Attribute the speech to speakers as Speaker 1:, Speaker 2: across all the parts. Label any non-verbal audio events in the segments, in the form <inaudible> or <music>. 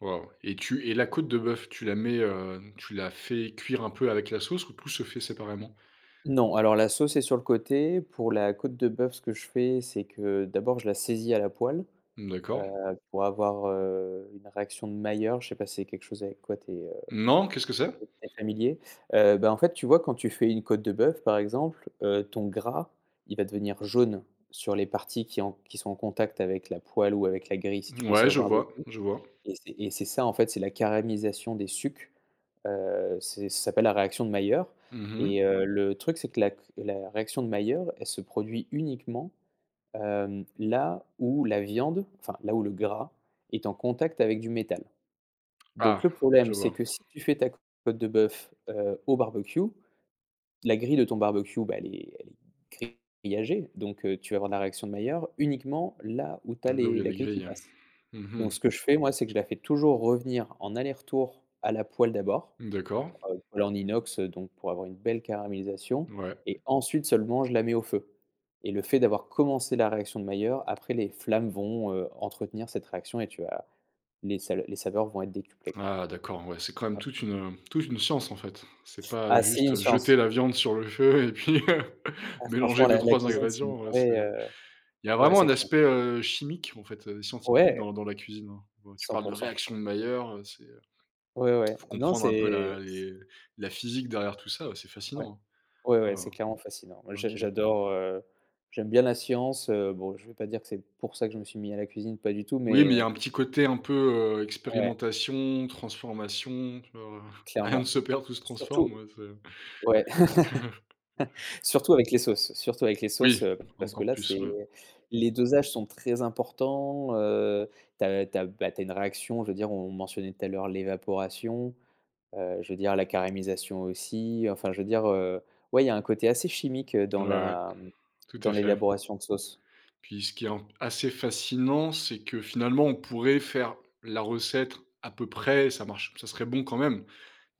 Speaker 1: Waouh et tu et la côte de bœuf, tu la mets, heu, tu la fais cuire un peu avec la sauce ou tout se fait séparément?
Speaker 2: Non alors la sauce est sur le côté. Pour la côte de bœuf, ce que je fais c'est que d'abord je la saisis à la poêle,
Speaker 1: D'accord.
Speaker 2: heu, pour avoir, heu, une réaction de Mailleur, je sais pas si c'est quelque chose avec quoi tu es
Speaker 1: Non, qu'est-ce que
Speaker 2: tu
Speaker 1: c'est?
Speaker 2: es très familier? Heu, bah en fait tu vois quand tu fais une côte de bœuf par exemple, heu, ton gras il va devenir jaune sur les parties qui ont qui sont en contact avec la poêle ou avec la grille si tu fais
Speaker 1: Mouais,
Speaker 2: ça au
Speaker 1: je
Speaker 2: barbecue
Speaker 1: vois, je vois.
Speaker 2: et c'est et c'est ça en fait. C'est la caramélisation des sucs, heu, c'est ça s'appelle la réaction de Mailleur
Speaker 1: Mmh mh.
Speaker 2: et heu, le truc c'est que la c la réaction de Mailleur elle se produit uniquement, heu, là où la viande, enfin, là où le gras est en contact avec du métal.
Speaker 1: Ah
Speaker 2: Donc le
Speaker 1: je
Speaker 2: problème c'est
Speaker 1: vois.
Speaker 2: que si tu fais ta côte de bœuf, heu, au barbecue, la grille de ton barbecue bah elle est elle est grillagée, donc heu, tu vas avoir la réaction de Mailleur uniquement là où tu as
Speaker 1: Là où il y
Speaker 2: les
Speaker 1: a
Speaker 2: la
Speaker 1: les
Speaker 2: grille qui
Speaker 1: grilles?
Speaker 2: passe.
Speaker 1: Mmh mh.
Speaker 2: Donc ce que je fais moi, c'est que je la fais toujours revenir en aller-retour à la poêle d'abord,
Speaker 1: D'accord.
Speaker 2: heu, poêle en inox donc pour avoir une belle caramélisation
Speaker 1: Ouais.
Speaker 2: et ensuite seulement je la mets au feu et le fait d'avoir commencé la réaction de Mailleur après les flammes vont, heu, entretenir cette réaction et tu as les sa les saveurs vont être décuplées.
Speaker 1: Ah d'accord, ouais c'est quand même
Speaker 2: Ouais.
Speaker 1: toute une toute une science en fait. C'est pas, heu,
Speaker 2: Ah c'est une
Speaker 1: juste jeter
Speaker 2: science.
Speaker 1: la viande sur le feu et puis <laughs>
Speaker 2: Ah
Speaker 1: mélanger
Speaker 2: franchement la la
Speaker 1: 2-3
Speaker 2: cuisine c'est une
Speaker 1: ingrédients, c'est
Speaker 2: vraie heu,
Speaker 1: il y a
Speaker 2: ouais
Speaker 1: vraiment
Speaker 2: c'est
Speaker 1: un
Speaker 2: clair.
Speaker 1: aspect, heu, chimique en fait, heu, scientifique
Speaker 2: Ouais.
Speaker 1: dans dans la cuisine. Tu
Speaker 2: cent
Speaker 1: parles de
Speaker 2: pour cent.
Speaker 1: réaction de Mailleur, c'est il
Speaker 2: Ouais, ouais,
Speaker 1: faut
Speaker 2: non
Speaker 1: comprendre un peu la
Speaker 2: c'est s
Speaker 1: les la physique derrière tout ça, c'est
Speaker 2: Ouais.
Speaker 1: fascinant!
Speaker 2: Ouais, ouais
Speaker 1: Oh
Speaker 2: c'est clairement fascinant. Moi j'a
Speaker 1: OK.
Speaker 2: j'adore, heu, j'aime bien la science, heu, bon je vais pas dire que c'est pour ça que je me suis mis à la cuisine pas du tout
Speaker 1: Oui,
Speaker 2: mais
Speaker 1: mais il y
Speaker 2: heu
Speaker 1: a un petit côté un peu, heu,
Speaker 2: Ouais.
Speaker 1: expérimentation, transformation tu vois? Rien ne
Speaker 2: Clairement.
Speaker 1: se perd, tout se transforme,
Speaker 2: Surtout
Speaker 1: ouais c'est
Speaker 2: ouais.
Speaker 1: <chuckles>
Speaker 2: <chuckles> Surtout avec les sauces, surtout avec les sauces,
Speaker 1: Oui,
Speaker 2: heu, parce que
Speaker 1: encore
Speaker 2: là,
Speaker 1: plus,
Speaker 2: c'est
Speaker 1: ouais.
Speaker 2: les dosages sont très importants, heu, tu as tu as ben, tu as une réaction, je veux dire on mentionnait tout à l'heure l'évaporation, heu, je veux dire la caramélisation aussi enfin je veux dire, heu, ouais il y a un côté assez chimique, heu, dans
Speaker 1: Ouais, ouais,
Speaker 2: la
Speaker 1: tout
Speaker 2: dans
Speaker 1: à fait.
Speaker 2: l'élaboration de sauce.
Speaker 1: Puis ce qui est un p assez fascinant, c'est que finalement on pourrait faire la recette à peu près, ça marche ça serait bon quand même.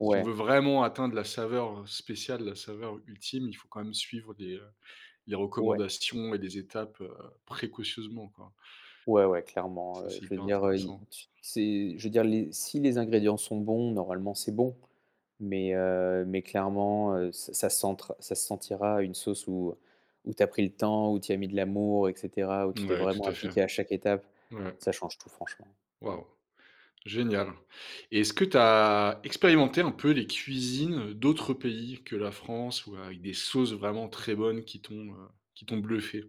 Speaker 1: Si on veut vraiment atteindre la saveur, heu, spéciale, la saveur ultime, il faut quand même suivre les, heu,
Speaker 2: Ouais.
Speaker 1: recommandations et les étapes, heu, précautionneusement, quoi.
Speaker 2: Ouais ouais clairement,
Speaker 1: Ça,
Speaker 2: heu,
Speaker 1: c'est
Speaker 2: je veux
Speaker 1: hyper
Speaker 2: dire, heu, i
Speaker 1: intéressant.
Speaker 2: tu c'est je veux dire les si les ingrédients sont bons normalement c'est bon mais heu, mais clairement, heu, ç ça s'entre ça se sentira une sauce où où tu as pris le temps où tu as mis de l'amour et cetera, où tu t'es
Speaker 1: Ouais,
Speaker 2: vraiment
Speaker 1: tout à fait.
Speaker 2: appliqué à chaque étape.
Speaker 1: Ouais.
Speaker 2: Ça change tout franchement.
Speaker 1: Waouh. Génial et est-ce que tu as expérimenté un peu les cuisines d'autres pays que la France ou avec des sauces vraiment très bonnes qui t'ont, heu, qui t'ont bluffé?